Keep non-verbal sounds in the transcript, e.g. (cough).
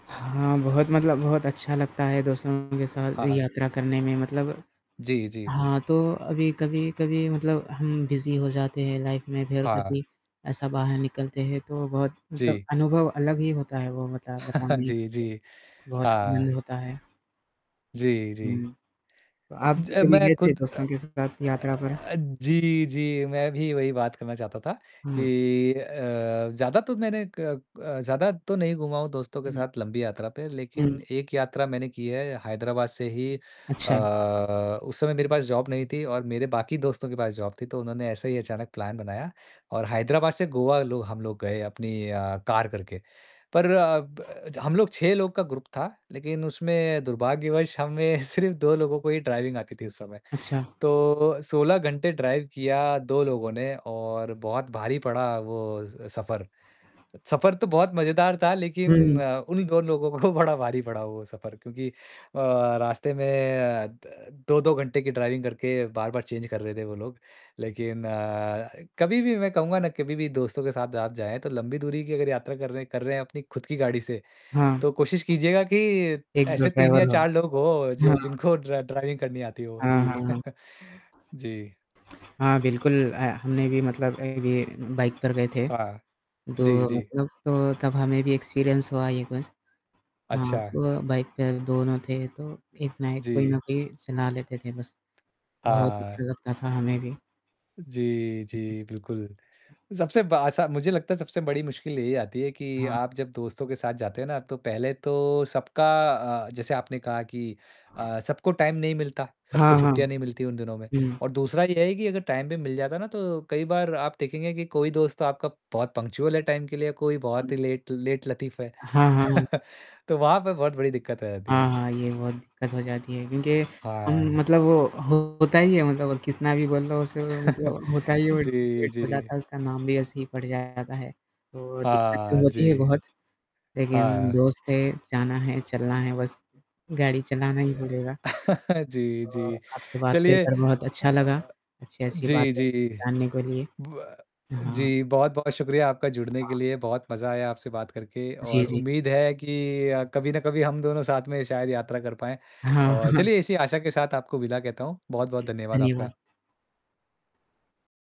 हाँ, बहुत मतलब बहुत अच्छा लगता है दोस्तों के साथ हाँ, हाँ। यात्रा करने में। मतलब जी, जी। हाँ, तो अभी कभी-कभी मतलब हम बिज़ी हो जाते हैं लाइफ़ में, फ़िर हाँ। कभी ऐसा बाहर निकलते हैं। तो बहुत मतलब जी। अनुभव अलग ही होता है वो बता बता (chuckles) नहीं जी, सकते, जी। बहुत आनंद हाँ। होता है। जी, जी। हुँ, तो आप ज अ, कभी मैं गए थे खुद अ दोस्तों के साथ अ यात्रा पर? अ, जी, जी मैं भी वही बात करना चाहता था हुँ। कि अ, ज़्यादा तो मैंने क अ, ज़्यादा तो नहीं घूमा हूँ दोस्तों के हुँ। साथ लंबी यात्रा पे। लेकिन हुँ। एक यात्रा मैंने की है हैदराबाद से ही अ, अच्छा। उस समय मेरे पास जॉब नहीं थी और मेरे बाकी दोस्तों के पास जॉब थी। तो उन्होंने ऐसा ही अचानक प्लान बनाया और हैदराबाद से गोवा लो हम लोग गए अपनी अ, कार करके। पर अब अज हम लोग 6 लोग का ग्रुप था। लेकिन उसमें दुर्भाग्यवश हमें सिर्फ 2 लोगों को ही ड्राइविंग आती थी उस समय। अच्छा। तो 16 घंटे ड्राइव किया 2 लोगों ने और बहुत भारी पड़ा वो सफर। सफर तो बहुत मज़ेदार था लेकिन हुँ। अ, उन दोनों लोगों को बड़ा भारी पड़ा वो सफर। क्योंकि अ, रास्ते में अ, 2-2 घंटे की ड्राइविंग करके बार-बार चेंज कर रहे थे वो लोग। लेकिन अ, कभी भी मैं कहूँगा ना कभी भी दोस्तों के साथ आप जाएँ। तो लंबी दूरी की अगर यात्रा कर रहे हैं कर रहे हैं अपनी खुद की गाड़ी से। हाँ। तो कोशिश कीजिएगा कि 1-2 ऐसे 3 ड्राइवर या लो। 4 लोग हो जो हाँ। जिनको ड्र ड्राइविंग करनी आती हो। हाँ, जी। हाँ, हाँ। (chuckles) जी। हाँ, बिल्कुल अ, हमने भी मतलब अभी बाइक पर गए थे। हाँ। दो जी, जी। मतलब तो तब हमें भी एक्सपीरियंस हुआ ये कुछ। हाँ, अच्छा। तो बाइक पे दोनों थे तो एक ना एक कोई ना जी। कोई चला लेते थे बस। बहुत हाँ। अच्छा लगता था हमें भी। जी, जी, बिल्कुल। सबसे बा अस मुझे लगता है सबसे बड़ी मुश्किल यही आती है कि हाँ। आप जब दोस्तों के साथ जाते हैं ना। तो पहले तो सबका अ, जैसे आपने कहा कि अ, सबको टाइम नहीं मिलता, सबको हाँ, हाँ। छुट्टियाँ नहीं मिलती उन दिनों में। हुँ। और दूसरा ये है कि अगर टाइम भी मिल जाता है ना। तो कई बार आप देखेंगे कि कोई दोस्त तो आपका बहुत पंक्चुअल है टाइम के लिए, कोई हाँ। बहुत ही लेट लेट लतीफ़ है। हाँ, हाँ, हाँ। (chuckles) तो वहाँ पे बहुत बड़ी दिक्कत आ जाती हाँ, है। हाँ, ये बहुत दिक्कत हो जाती है। क्योंकि हम हाँ। मतलब वो होता ही है मतलब कितना भी बोल लो उसे (chuckles) मतलब होता ही है वो जी, वेस्ट हो जाता जी। है उसका नाम भी ऐसे ही पड़ जाता है। तो दिक्कत तो हाँ जी। होती है बहुत। हाँ, लेकिन हाँ। दोस्त है, जाना है, चलना है बस, गाड़ी चलाना ही पड़ेगा। (chuckles) जी, अ, जी। आपसे बात चलिए करकर अ बहुत अच्छा लगा। अ, अच्छी, अच्छी जी, बातें जी। मिली जानने के लिए। ब हाँ। जी, बहुत-बहुत शुक्रिया आपका जुड़ने के हाँ। लिए बहुत मज़ा आया आपसे बात करके। जी, और जी। उम्मीद है कि अ, कभी ना कभी हम दोनों साथ में शायद यात्रा कर पाएँ। हाँ। और (chuckles) चलिए इसी आशा के साथ आपको विदा कहता हूँ। बहुत-बहुत धन्यवाद आपका। (unintelligible)